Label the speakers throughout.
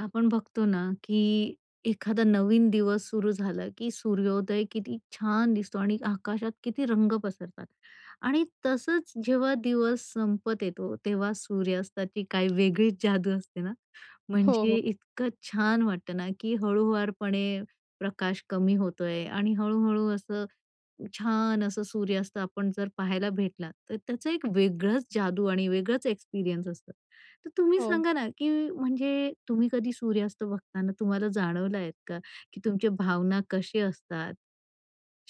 Speaker 1: आपण बघतो ना की एखादा नवीन दिवस सुरू झाला की सूर्योदय किती छान दिसतो आणि आकाशात किती रंग पसरतात आणि तसंच जेव्हा दिवस संपत येतो, तेव्हा सूर्यास्ताची काही वेगळीच जादू असते ना?
Speaker 2: हो, हो.
Speaker 1: म्हणजे इतकं छान वाटतं ना की हळूवारपणे प्रकाश कमी होतोय आणि हळूहळू असं छान असं सूर्यास्त आपण जर पाहायला भेटला, तर त्याचं एक वेगळंच जादू आणि वेगळंच एक्सपिरियन्स असतं. तर तुम्ही
Speaker 2: हो.
Speaker 1: सांगा ना की म्हणजे तुम्ही कधी सूर्यास्त बघताना तुम्हाला जाणवलं आहेत का? की तुमच्या भावना कसे असतात?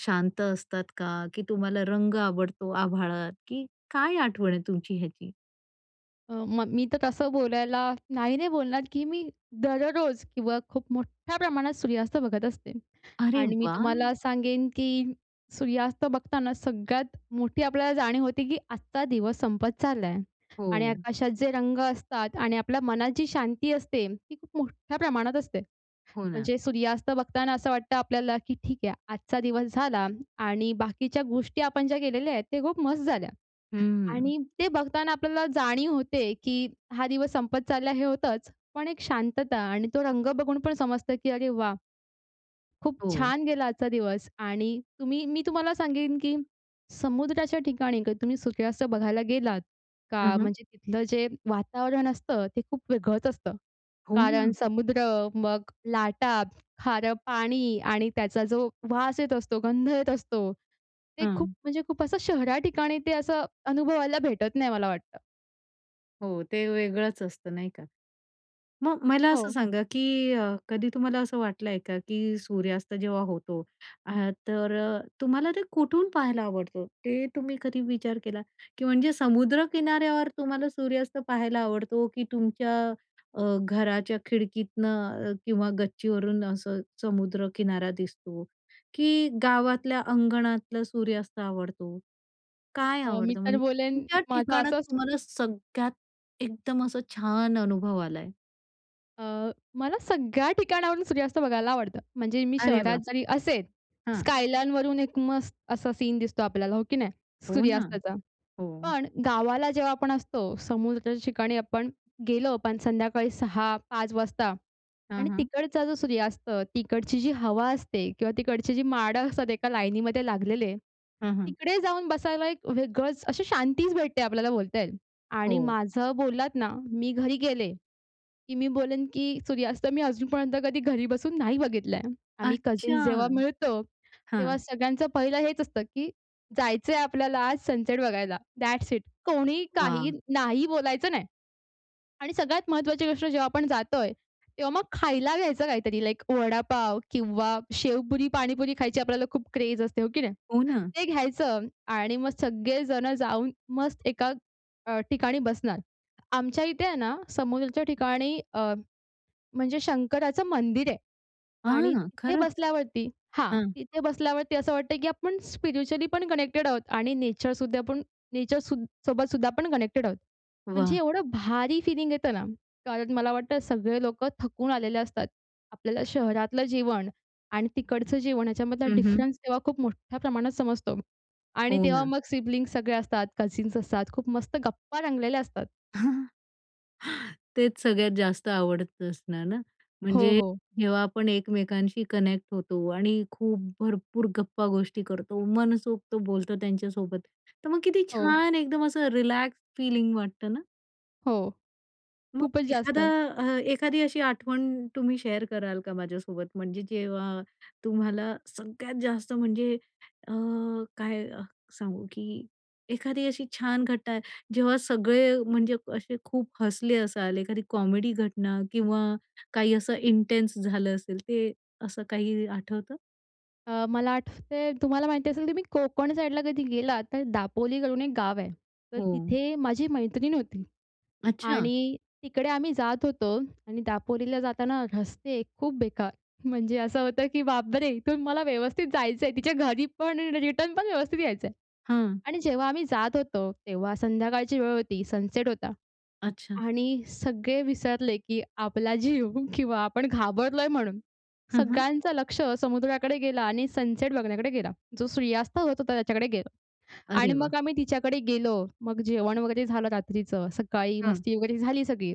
Speaker 1: शांत असतात का? की तुम्हाला रंग आवडतो आभाळात? की काय आठवण आहे तुमची ह्याची?
Speaker 2: अ, मग मी तर तसं बोलायला नाही, नाही बोलणार की मी दररोज किंवा खूप मोठ्या प्रमाणात सूर्यास्त बघत असते.
Speaker 1: अरे
Speaker 2: आणि मी
Speaker 1: वाह!
Speaker 2: तुम्हाला सांगेन की सूर्यास्त बघताना सगळ्यात मोठी आपल्याला जाणीव होती की आजचा दिवस संपत चालला आहे. आणि
Speaker 1: हो.
Speaker 2: आकाशात जे रंग असतात आणि आपल्या मनात जी शांती असते, ती खूप मोठ्या प्रमाणात असते.
Speaker 1: हो ना.
Speaker 2: म्हणजे सूर्यास्त बघताना असं वाटतं आपल्याला की ठीक आहे आजचा दिवस झाला आणि बाकीच्या गोष्टी आपण ज्या केलेल्या आहेत, त्या खूप मस्त झाल्या.
Speaker 1: हं.
Speaker 2: आणि ते बघताना आपल्याला जाणीव होते की, हा दिवस संपत चाललाय, हे होतंच. पण एक शांतता आणि तो रंग बघून पण समजतं की अरे वाह! खूप
Speaker 1: हो.
Speaker 2: छान गेला आजचा दिवस आणि तुम्ही मी तुम्हाला सांगेन की समुद्राच्या ठिकाणी कधी तुम्ही सूर्यास्त बघायला गेलात का,
Speaker 1: हं, हं.
Speaker 2: म्हणजे तिथलं जे वातावरण असतं ते खूप वेगळंच असतं.
Speaker 1: हो
Speaker 2: कारण
Speaker 1: ना.
Speaker 2: समुद्र, मग लाटा, खारं पाणी आणि त्याचा जो वास येत असतो, गंध येत असतो. ते खूप
Speaker 1: हं.
Speaker 2: म्हणजे खूप असं शहरा ठिकाणी ते असं अनुभवायला भेटत नाही, मला वाटतं.
Speaker 1: हो, ते वेगळंच असतं, नाही का? मग मला असं
Speaker 2: हो.
Speaker 1: सांगा, की अ, कधी तुम्हाला असं वाटलंय का, की सूर्यास्त जेव्हा होतो, अ तर अ, तुम्हाला ते कुठून पाहायला आवडतं? ते तुम्ही कधी विचार केला? की म्हणजे समुद्र किनाऱ्यावर तुम्हाला सूर्यास्त पाहायला आवडतो, की तुमच्या अ, घराच्या खिडकीतनं अ, किंवा गच्चीवरून असं समुद्रकिनारा दिसतो, की गावातल्या अंगणातलं सूर्यास्त आवडतो? काय
Speaker 2: अ, मी
Speaker 1: आवडतं?
Speaker 2: तर
Speaker 1: म्हणजे
Speaker 2: बोलेन,
Speaker 1: तुमच्या
Speaker 2: माझा
Speaker 1: ठिकाणात
Speaker 2: असंच
Speaker 1: तुम्हाला सगळ्यात एकदम असं छान अनुभव आला आहे?
Speaker 2: अ, मला सगळ्या ठिकाणावरून सूर्यास्त बघायला आवडतं. म्हणजे मी
Speaker 1: अरे वाह!
Speaker 2: शहरात
Speaker 1: हं.
Speaker 2: जरी असेल,
Speaker 1: अरे वाह! हं.
Speaker 2: स्कायलाईन वरून एक मस्त असा सीन दिसतो आपल्याला, हो की नाही,
Speaker 1: हो ना.
Speaker 2: सूर्यास्ताचा.
Speaker 1: हो.
Speaker 2: पण गावाला जेव्हा आपण असतो, समुद्राच्या ठिकाणी आपण गेलो पण संध्याकाळी 6-5 वाजता
Speaker 1: हां,
Speaker 2: आणि
Speaker 1: हां.
Speaker 2: तिकडचा जो सूर्यास्त, तिकडची जी हवा असते किंवा तिकडची जी माडं असतात एका लाईनीमध्ये लागलेले,
Speaker 1: हं, हं.
Speaker 2: तिकडे जाऊन बसायला एक वेगळंच अशी शांतीच भेटते आपल्याला, बोलता येईल. आणि
Speaker 1: हो.
Speaker 2: माझं बोललात ना, मी घरी गेले, की मी बोलेन, की सूर्यास्त मी अजूनपर्यंत कधी घरी बसून नाही बघितलाय. आम्ही
Speaker 1: अच्छा.
Speaker 2: कझन्स जेव्हा मिळतो, तेव्हा
Speaker 1: हां.
Speaker 2: सगळ्यांचं पहिलं हेच असतं, की जायचंय आपल्याला आज सनसेट बघायला, दॅट्स इट! कोणी काही
Speaker 1: वाह!
Speaker 2: नाही बोलायचं नाही. आणि सगळ्यात महत्त्वाची गोष्ट, जेव्हा आपण जातोय, तेव्हा मग खायला घ्यायचं काहीतरी, लाइक वडापाव किंवा शेवपुरी, पाणीपुरी खायची आपल्याला खूप क्रेझ असते, हो की नाही?
Speaker 1: हो ना.
Speaker 2: ते घ्यायचं आणि मग सगळे जण जाऊन मस्त एका अ, ठिकाणी बसणार. आमच्या इथे आहे ना समुद्राच्या ठिकाणी अ, म्हणजे शंकराचं मंदिर आहे. आणि
Speaker 1: हां.
Speaker 2: तिथे
Speaker 1: खरंच.
Speaker 2: बसल्यावरती हां,
Speaker 1: हां.
Speaker 2: तिथे बसल्यावरती असं वाटतंय, की आपण स्पिरिच्युअली पण कनेक्टेड आहोत आणि नेचरसुद्धा आपण नेचर सूद सोबत सुद्धा आपण कनेक्टेड आहोत. म्हणजे
Speaker 1: वाह!
Speaker 2: एवढं भारी फीलिंग येतं ना. कारण मला वाटतं, सगळे लोकं थकून आलेले असतात. आपल्याला शहरातलं जेवण आणि तिकडचं जेवण ह्याच्यामधला
Speaker 1: हं, हं.
Speaker 2: डिफरन्स तेव्हा खूप मोठ्या प्रमाणात समजतो. आणि
Speaker 1: हो
Speaker 2: तेव्हा
Speaker 1: ना.
Speaker 2: मग सिबलिंग्स सगळे असतात, कझन्स असतात, खूप मस्त गप्पा रंगलेल्या असतात.
Speaker 1: तेच सगळ्यात जास्त आवडतं असणार ना.
Speaker 2: हो,
Speaker 1: म्हणजे
Speaker 2: हो.
Speaker 1: जेव्हा आपण एकमेकांशी कनेक्ट होतो आणि खूप भरपूर गप्पा गोष्टी करतो, मनसोक्त बोलतो त्यांच्यासोबत, तर मग किती
Speaker 2: हो.
Speaker 1: छान एकदम असं रिलॅक्स फिलिंग वाटतं ना?
Speaker 2: हो.
Speaker 1: मग
Speaker 2: खूपच
Speaker 1: एखादा
Speaker 2: जास्त.
Speaker 1: अ, एखादी अशी आठवण तुम्ही शेअर कराल का माझ्यासोबत? म्हणजे जेव्हा तुम्हाला सगळ्यात जास्त म्हणजे अ, काय सांगू की एखादी अशी छान घटना, जेव्हा सगळे म्हणजे असे खूप हसले असाल, एखादी कॉमेडी घटना किंवा काही असं इंटेन्स झालं असेल, ते असं काही आठवतं?
Speaker 2: अ, मला आठवतंय, तुम्हाला माहिती असेल की तुम्ही कोकण साईडला कधी गेलात, तर दापोली करून एक गाव आहे. तर
Speaker 1: हो.
Speaker 2: तिथे माझी मैत्रीण होती
Speaker 1: अच्छा.
Speaker 2: आणि तिकडे आम्ही जात होतो. आणि दापोलीला जाताना रस्ते खूप बेकार, म्हणजे असं होतं की बापरे! इथून मला व्यवस्थित जायचं आहे तिच्या घरीपण आणि रिटर्नपण व्यवस्थित यायचं आहे.
Speaker 1: हं.
Speaker 2: आणि जेव्हा आम्ही जात होतो, तेव्हा संध्याकाळची वेळ होती, सनसेट होता.
Speaker 1: अच्छा.
Speaker 2: आणि सगळे विसरले की आपला जीव किंवा आपण घाबरलोय म्हणून.
Speaker 1: हं, हं.
Speaker 2: सगळ्यांचं लक्ष समुद्राकडे गेला आणि सनसेट बघण्याकडे गेला. जो सूर्यास्त होत होता, त्याच्याकडे गेला.
Speaker 1: अरे
Speaker 2: आणि
Speaker 1: वाह!
Speaker 2: मग आम्ही तिच्याकडे गेलो, मग जेवण वगैरे झालं रात्रीचं, सकाळी
Speaker 1: हं.
Speaker 2: मस्ती वगैरे झाली सगळी.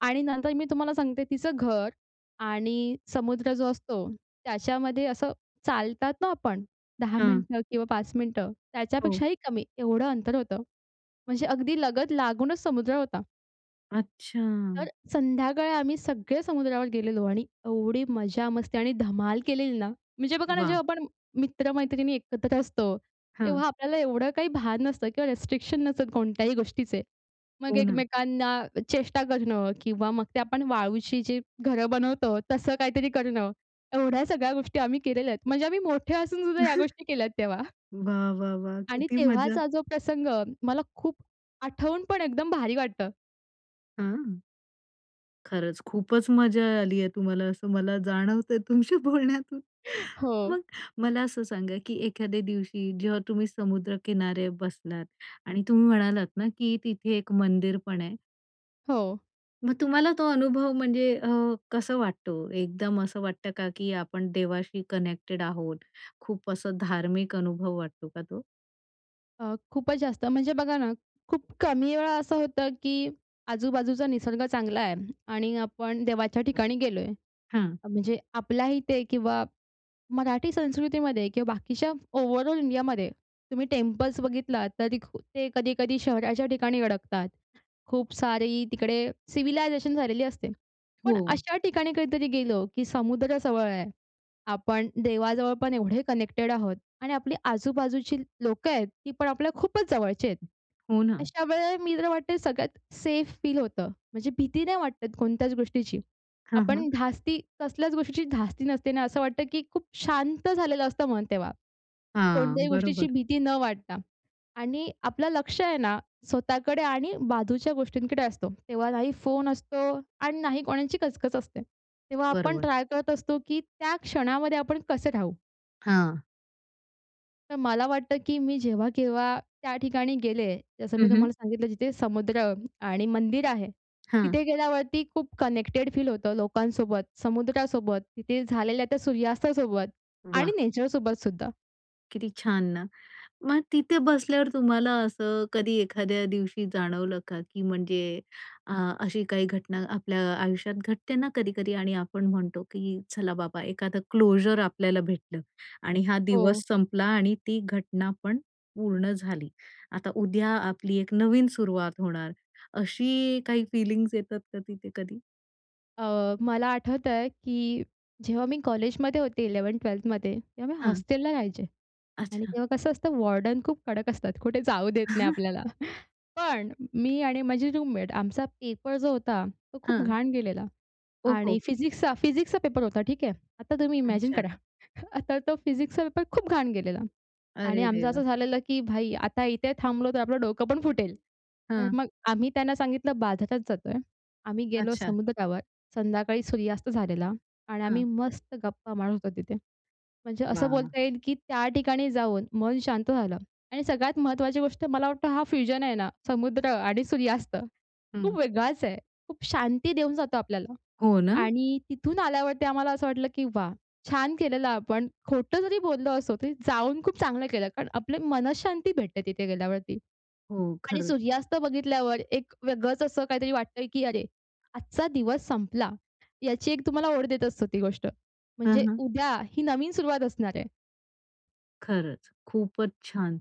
Speaker 2: आणि नंतर मी तुम्हाला सांगते, तिचं घर आणि समुद्र जो असतो, त्याच्यामध्ये असं चालतात ना आपण, 10
Speaker 1: हं.
Speaker 2: मिनिटं किंवा 5 मिनिटं
Speaker 1: हो.
Speaker 2: त्याच्यापेक्षाही कमी एवढं अंतर होतं. म्हणजे अगदी लगत लागूनच समुद्र होता. तर
Speaker 1: अच्छा.
Speaker 2: संध्याकाळी आम्ही सगळे समुद्रावर गेलेलो आणि एवढी मजा-मस्ती आणि धमाल केलेली ना. म्हणजे बघा ना,
Speaker 1: वाह!
Speaker 2: जेव्हा आपण मित्र-मैत्रिणी एकत्र असतो,
Speaker 1: हां.
Speaker 2: तेव्हा आपल्याला एवढं काही भान नसतं किंवा रिस्ट्रिक्शन नसतात कोणत्याही गोष्टीचे. मग
Speaker 1: हो ना.
Speaker 2: एकमेकांना चेष्टा करणं किंवा मग ते आपण वाळूची जे घरं बनवतो, तसं काहीतरी करणं एवढ्या सगळ्या गोष्टी आम्ही केलेल्या आहेत. म्हणजे आम्ही मोठे असून सुद्धा या गोष्टी केल्या तेव्हा.
Speaker 1: वाह! वाह! वाह!
Speaker 2: आणि
Speaker 1: किती मजा.
Speaker 2: तेव्हाचा जो प्रसंग मला खूप आठवून पण एकदम भारी वाटतं.
Speaker 1: हं. खरंच खूपच मजा आली आहे तुम्हाला, असं मला जाणवतंय तुमच्या बोलण्यातून.
Speaker 2: हो.
Speaker 1: मग मला असं सांगा की एखाद्या दिवशी जेव्हा तुम्ही समुद्र किनारे बसलात आणि तुम्ही म्हणालात ना की तिथे एक मंदिर पण आहे.
Speaker 2: हो.
Speaker 1: मग तुम्हाला तो अनुभव म्हणजे अ, कसं वाटतो? एकदम असं वाटतं का, की आपण देवाशी कनेक्टेड आहोत? खूप असं धार्मिक अनुभव वाटतो का तो?
Speaker 2: अ, खूपच जास्त. म्हणजे बघा ना, खूप कमी वेळा असं होतं की आजू-बाजूचा निसर्ग चांगला आहे आणि आपण देवाच्या ठिकाणी गेलोय.
Speaker 1: हं.
Speaker 2: म्हणजे आपल्या इथे किंवा मराठी संस्कृतीमध्ये किंवा बाकीच्या ओव्हरऑल इंडियामध्ये तुम्ही टेम्पल्स बघितलात, तरी ते कधी-कधी शहराच्या ठिकाणी अडकतात. खूप सारी तिकडे सिव्हिलायझेशन झालेली असते. पण
Speaker 1: हो.
Speaker 2: अशा ठिकाणी कधीतरी गेलं की समुद्र जवळ आहे, आपण देवाजवळ पण एवढे कनेक्टेड आहोत आणि आपली आजू-बाजूची लोकं आहेत, ती पण आपल्या खूपच जवळचे आहेत.
Speaker 1: हो ना.
Speaker 2: अशा वेळेला मी तर म्हणते सगळ्यात सेफ फील होतं. म्हणजे भीती नाही वाटत कोणत्याच गोष्टीची.
Speaker 1: हं, हं.
Speaker 2: आपण धास्ती कसल्याच गोष्टीची धास्ती नसते ना, असं वाटतं की खूप शांत झालेलं असतं मन तेव्हा.
Speaker 1: हां,
Speaker 2: कोणत्याही गोष्टीची
Speaker 1: बरोबर.
Speaker 2: भीती न वाटता. आणि आपलं लक्ष आहे ना, स्वतःकडे आणि बाजूच्या गोष्टींकडे असतो. तेव्हा नाही फोन असतो अन् नाही कोणाची कचकच असते. तेव्हा आपण
Speaker 1: बरोबर.
Speaker 2: ट्राय करत असतो की त्या क्षणामध्ये आपण कसे राहू.
Speaker 1: हां.
Speaker 2: तर मला वाटतं, की मी जेव्हा -केव्हा त्या ठिकाणी गेले. जसं
Speaker 1: हं,
Speaker 2: मी
Speaker 1: हं.
Speaker 2: तुम्हाला सांगितलं जिथे समुद्र आणि मंदिर आहे.
Speaker 1: हां.
Speaker 2: तिथे गेल्यावरती खूप कनेक्टेड फील होतं लोकांसोबत, समुद्रासोबत, तिथे झालेल्या त्या सूर्यास्तासोबत आणि
Speaker 1: वाह!
Speaker 2: नेचरसोबत सुद्धा.
Speaker 1: किती छान ना. मग तिथे बसल्यावर तुम्हाला असं कधी एखाद्या दिवशी जाणवलं का? की म्हणजे अ, अशी काही घटना आपल्या आयुष्यात घटते ना कधी-कधी आणि आपण म्हणतो, की चला बाबा एखादं क्लोजर आपल्याला भेटलं. आणि हां,
Speaker 2: हो.
Speaker 1: दिवस संपला आणि ती घटना पण पूर्ण झाली. आता उद्या आपली एक नवीन सुरुवात होणार, अशी काही फीलिंग्स येतात कधी ते कधी?
Speaker 2: अ, मला आठवतंय, की जेव्हा मी कॉलेजमध्ये होते, 11th-12thमध्ये तेव्हा
Speaker 1: हं.
Speaker 2: हॉस्टेलला राहायचे. आणि
Speaker 1: अच्छा.
Speaker 2: तेव्हा कसं असतं, वॉर्डन खूप कडक असतात, कुठे जाऊ देत नाही आपल्याला. पण मी आणि माझी रूममेट, आमचा पेपर जो होता, तो खूप
Speaker 1: हं.
Speaker 2: घाण
Speaker 1: ओहो.
Speaker 2: गेलेला.आणि फिजिक्सचा फिजिक्सचा पेपर होता, ठीक आहे. आता तुम्ही इमॅजिन
Speaker 1: अच्छा.
Speaker 2: करा, आता तो फिजिक्सचा पेपर खूप घाण गेलेला. आणि
Speaker 1: अरे
Speaker 2: आमचं
Speaker 1: देवा!
Speaker 2: असं झालेलं, की "भाई आता इथे थांबलो तर, आपलं डोकं पण फुटेल." तर
Speaker 1: हं.
Speaker 2: मग आम्ही त्यांना सांगितलं बाजारात जातोय. आम्ही गेलो
Speaker 1: अच्छा.
Speaker 2: समुद्रावर, संध्याकाळी सूर्यास्त झालेला आणि आम्ही
Speaker 1: हं.
Speaker 2: मस्त गप्पा मारत होतो तिथे. म्हणजे असं
Speaker 1: वाह!
Speaker 2: बोलता येईल, की त्या ठिकाणी जाऊन मन शांत झालं. आणि सगळ्यात महत्त्वाची गोष्ट, मला वाटतं हा फ्युजन आहे ना, समुद्र आणि सूर्यास्त, खूप
Speaker 1: हं.
Speaker 2: वेगळाच आहे. खूप शांती देऊन जातो आपल्याला.
Speaker 1: हो ना?
Speaker 2: आणि तिथून आल्यावरती आम्हाला असं वाटलं, की वाह! छान केलेलं आपण. खोटं जरी बोललो असो, तरी जाऊन खूप चांगलं केलं. कारण आपले मनःशांती भेटते तिथे गेल्यावरती.
Speaker 1: हो.
Speaker 2: आणि
Speaker 1: खरंच.
Speaker 2: सूर्यास्त बघितल्यावर एक वेगळंच असं काहीतरी वाटतंय, की अरे! आजचा दिवस संपला. याची एक तुम्हाला ओढ देत असतो ती गोष्ट, म्हणजे
Speaker 1: हं, हं.
Speaker 2: उद्या ही नवीन सुरुवात असणार आहे.
Speaker 1: खरंच, खूपच छान!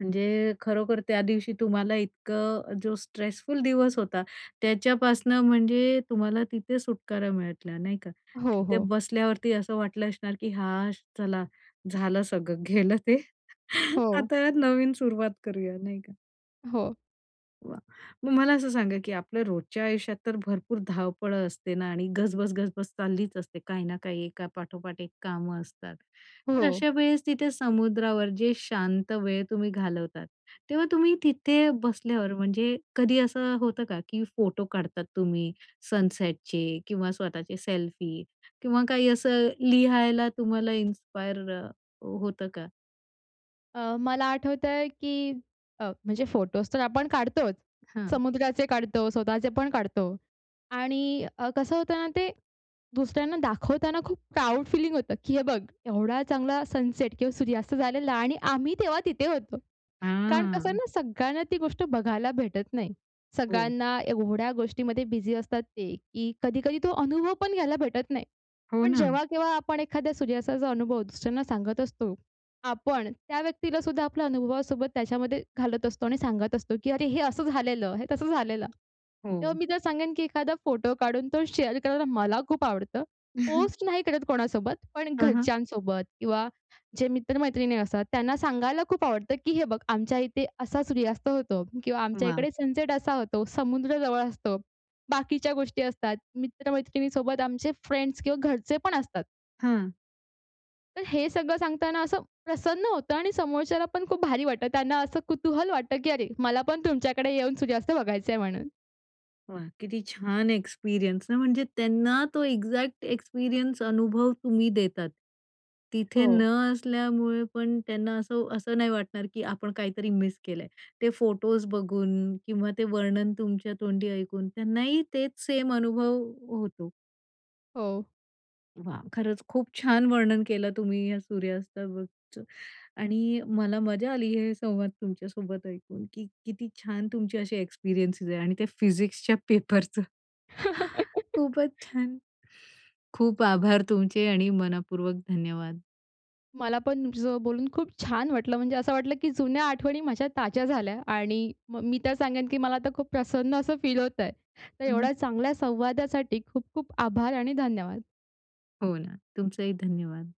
Speaker 1: म्हणजे खरोखर त्या दिवशी तुम्हाला इतकं जो स्ट्रेसफुल दिवस होता, त्याच्यापासून म्हणजे तुम्हाला तिथे सुटकारा मिळाला नाही का?
Speaker 2: हो,
Speaker 1: तिथे
Speaker 2: हो.
Speaker 1: बसल्यावरती असं वाटलं असणार, की हाश चला झालं सगळं गेलं ते,
Speaker 2: हो.
Speaker 1: आता नवीन सुरुवात करूया नाही का?
Speaker 2: हो.
Speaker 1: वा! मग मला असं सांगा की आपल्या रोजच्या आयुष्यात तर भरपूर धावपळं असते ना आणि गजबज गजबज चाललीच असते काही ना काही एका पाठोपाठ एक कामं असतात. तर
Speaker 2: हो.
Speaker 1: अशावेळेस तिथे समुद्रावर जे शांत वेळ तुम्ही घालवतात. तेव्हा तुम्ही तिथे बसल्यावर म्हणजे कधी असं होतं का? की फोटो काढतात तुम्ही सनसेटचे किंवा स्वतःचे सेल्फी किंवा काही असं लिहायला तुम्हाला इन्स्पायर हो होतं का?
Speaker 2: अ, मला आठवतंय की अ, म्हणजे फोटोच तर आपण काढतोच.
Speaker 1: हं.
Speaker 2: समुद्राचे काढतो, स्वतःचे पण काढतो आणि अ, कसं होतं ना, ते दुसऱ्यांना दाखवताना खूप प्राउड फीलिंग होतं, की हे बघ, एवढा चांगला सनसेट किंवा सूर्यास्त झालेला आणि आम्ही तेव्हा तिथे होतो. कारण कसंय
Speaker 1: हां.
Speaker 2: ना सगळ्यांना ती गोष्ट बघायला भेटत नाही.
Speaker 1: हो.
Speaker 2: सगळ्यांना एवढ्या गोष्टीमध्ये बिझी असतात ते, की कधी-कधी तो अनुभव पण घ्यायला भेटत नाही.
Speaker 1: हो
Speaker 2: पण
Speaker 1: ना.
Speaker 2: जेव्हा केव्हा आपण एखाद्या सूर्यास्ताचा अनुभव दुसऱ्यांना सांगत असतो, आपण त्या व्यक्तीला सुद्धा आपल्या अनुभवासोबत त्याच्यामध्ये घालत असतो आणि सांगत असतो, की अरे, हे असं झालेलं. हे तसं झालेलं. तेव्हा
Speaker 1: हो.
Speaker 2: मी तर सांगेन की एखादा फोटो काढून तो शेअर करायला मला खूप आवडतं. पोस्ट नाही करत कोणासोबत पण
Speaker 1: हं, हं.
Speaker 2: घरच्यांसोबत किंवा जे मित्र-मैत्रिणी असतात त्यांना सांगायला खूप आवडतं, की हे बघ, आमच्या इथे असा सूर्यास्त होतो किंवा आमच्या
Speaker 1: वाह!
Speaker 2: इकडे सनसेट असा होतो. समुद्र जवळ असतो. बाकीच्या गोष्टी असतात, मित्रमैत्रिणीसोबत आमचे फ्रेंड्स किंवा घरचेपण असतात.
Speaker 1: हं.
Speaker 2: तर हे सगळं सांगताना असं प्रसन्न होतं आणि समोरच्याला पण खूप भारी वाटतं. त्यांना असं कुतूहल वाटतं, की अरे मला पण तुमच्याकडे येऊन सूर्यास्त बघायचंय म्हणून.
Speaker 1: वाह! किती छान एक्सपिरियन्स ना, म्हणजे त्यांना तो एक्झॅक्ट एक्सपिरियन्स अनुभव तुम्ही देतात. तिथे न
Speaker 2: हो.
Speaker 1: असल्यामुळे पण त्यांना असं, असं नाही वाटणार, की आपण काहीतरी मिस केलंय. ते फोटोज् बघून किंवा ते वर्णन तुमच्या तोंडी ऐकून, त्यांनाही तेच सेम अनुभव होतो.
Speaker 2: हो.
Speaker 1: वाह! खरंच खूप छान वर्णन केलं तुम्ही या सुर्यास्ताबाबतच आणि मला मजा आली हे संवाद तुमच्यासोबत ऐकून, की किती छान तुमची अशी एक्सपिरियन्सेस आहे. आणि ते फिजिक्सच्या पेपरचं. खूपच छान. खूप आभार तुमचे आणि मनःपूर्वक धन्यवाद.
Speaker 2: मला पण तुमच्यासोबत बोलून खूप छान वाटलं, म्हणजे असं वाटलं की जुन्या आठवणी माझ्या ताज्या झाल्या. आणि म मी तर सांगेन की मला आता खूप प्रसन्न असं फील होतंय. तर
Speaker 1: हं.
Speaker 2: एवढ्या चांगल्या संवादासाठी खूप-खूप आभार आणि धन्यवाद.
Speaker 1: हो ना. तुमचंही धन्यवाद.